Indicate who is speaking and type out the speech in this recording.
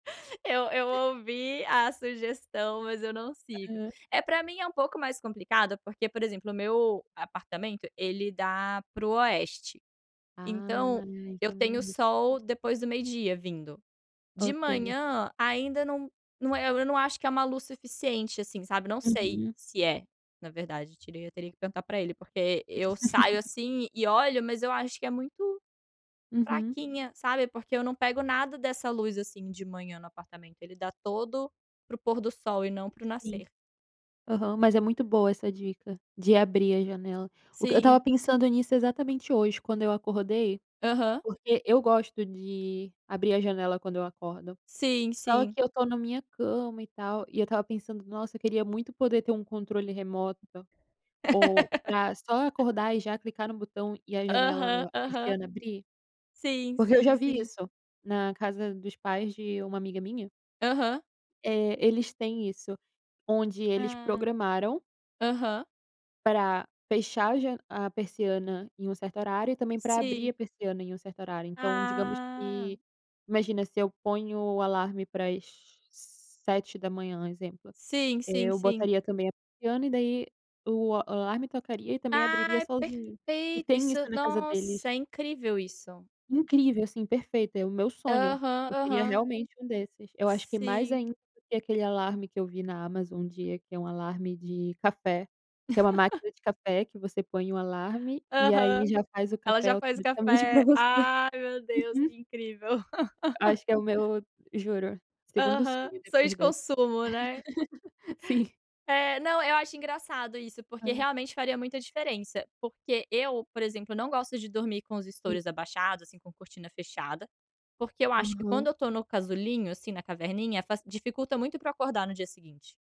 Speaker 1: Eu eu ouvi a sugestão, mas eu não sigo.
Speaker 2: Aham.
Speaker 1: Eh, para mim é um pouco mais complicado porque, por exemplo, o meu apartamento ele dá para o Oeste.
Speaker 2: Ah,
Speaker 1: Então, eu
Speaker 2: então
Speaker 1: tenho
Speaker 2: [unintelligible]
Speaker 1: sol depois do meio-dia vindo. De
Speaker 2: Ok.
Speaker 1: manhã ainda não não é eu não acho que é uma luz suficiente, assim, sabe não sei
Speaker 2: Uhum.
Speaker 1: se é, na verdade. Eu teria que perguntar para ele, porque eu saio assim e olho mas eu acho que é muito
Speaker 2: Uhum.
Speaker 1: fraquinha, sabe, porque eu não pego nada dessa luz assim de manhã no apartamento. Ele dá todo para o pôr do sol e não para o
Speaker 2: Sim.
Speaker 1: nascer.
Speaker 2: Aham, mas é muito boa essa dica de abrir a janela. Eu estava
Speaker 1: Sim.
Speaker 2: pensando nisso exatamente hoje quando eu acordei,
Speaker 1: Aham.
Speaker 2: porque eu gosto de abrir a janela quando eu acordo.
Speaker 1: Sim,
Speaker 2: Só
Speaker 1: sim.
Speaker 2: que eu estou na minha cama e tal e eu estava pensando: "Nossa, queria muito poder ter um controle remoto, ou para só acordar e já clicar no botão e a janela
Speaker 1: Aham, aham.
Speaker 2: persiana abrir."
Speaker 1: Sim,
Speaker 2: Porque eu já
Speaker 1: sim,
Speaker 2: vi
Speaker 1: sim.
Speaker 2: isso na casa dos pais de uma amiga minha
Speaker 1: Aham.
Speaker 2: eh, eles têm isso, onde eles
Speaker 1: Ah.
Speaker 2: programaram
Speaker 1: Aham.
Speaker 2: pra fechar a ja a persiana em um certo horário e também para abrir
Speaker 1: Sim.
Speaker 2: a persiana em um certo horário. Então digamos
Speaker 1: Ah.
Speaker 2: que, imagina se eu ponho o alarme para as 07:00, um exemplo,
Speaker 1: Sim, sim,
Speaker 2: eu
Speaker 1: sim.
Speaker 2: botaria também a persiana e daí o alarme tocaria e também abriria
Speaker 1: Ai,
Speaker 2: sozinho. E
Speaker 1: perfeito
Speaker 2: tem
Speaker 1: isso.
Speaker 2: isso na casa deles.
Speaker 1: Nossa, é incrível isso.
Speaker 2: Incrível, assim, perfeita. É o meu sonho,
Speaker 1: Aham.
Speaker 2: eu queria
Speaker 1: Aham.
Speaker 2: realmente um desses, eu acho que mais
Speaker 1: Sim.
Speaker 2: ainda do que aquele alarme que eu vi na Amazon um dia, que é um alarme de café, que é uma máquina de café que você põe o alarme e
Speaker 1: Aham,
Speaker 2: aí já faz o
Speaker 1: ela
Speaker 2: café
Speaker 1: já faz o
Speaker 2: automaticamente para
Speaker 1: café,
Speaker 2: você.
Speaker 1: ai meu Deus,
Speaker 2: Uhum.
Speaker 1: que incrível.
Speaker 2: Acho que é o meu juro, segundo
Speaker 1: Aham,
Speaker 2: sonho
Speaker 1: sonho
Speaker 2: depois
Speaker 1: de
Speaker 2: dessa.
Speaker 1: consumo, né.
Speaker 2: Sim.
Speaker 1: Eh, não, eu acho engraçado isso, porque
Speaker 2: Ah.
Speaker 1: realmente faria muita diferença. Porque eu, por exemplo, não gosto de dormir com os
Speaker 2: Sim.
Speaker 1: estoures abaixados, assim, com cortina fechada, porque eu acho que
Speaker 2: Aham.
Speaker 1: quando eu estou no casulinho, assim, na caverninha, faci dificulta muito para eu acordar no dia seguinte.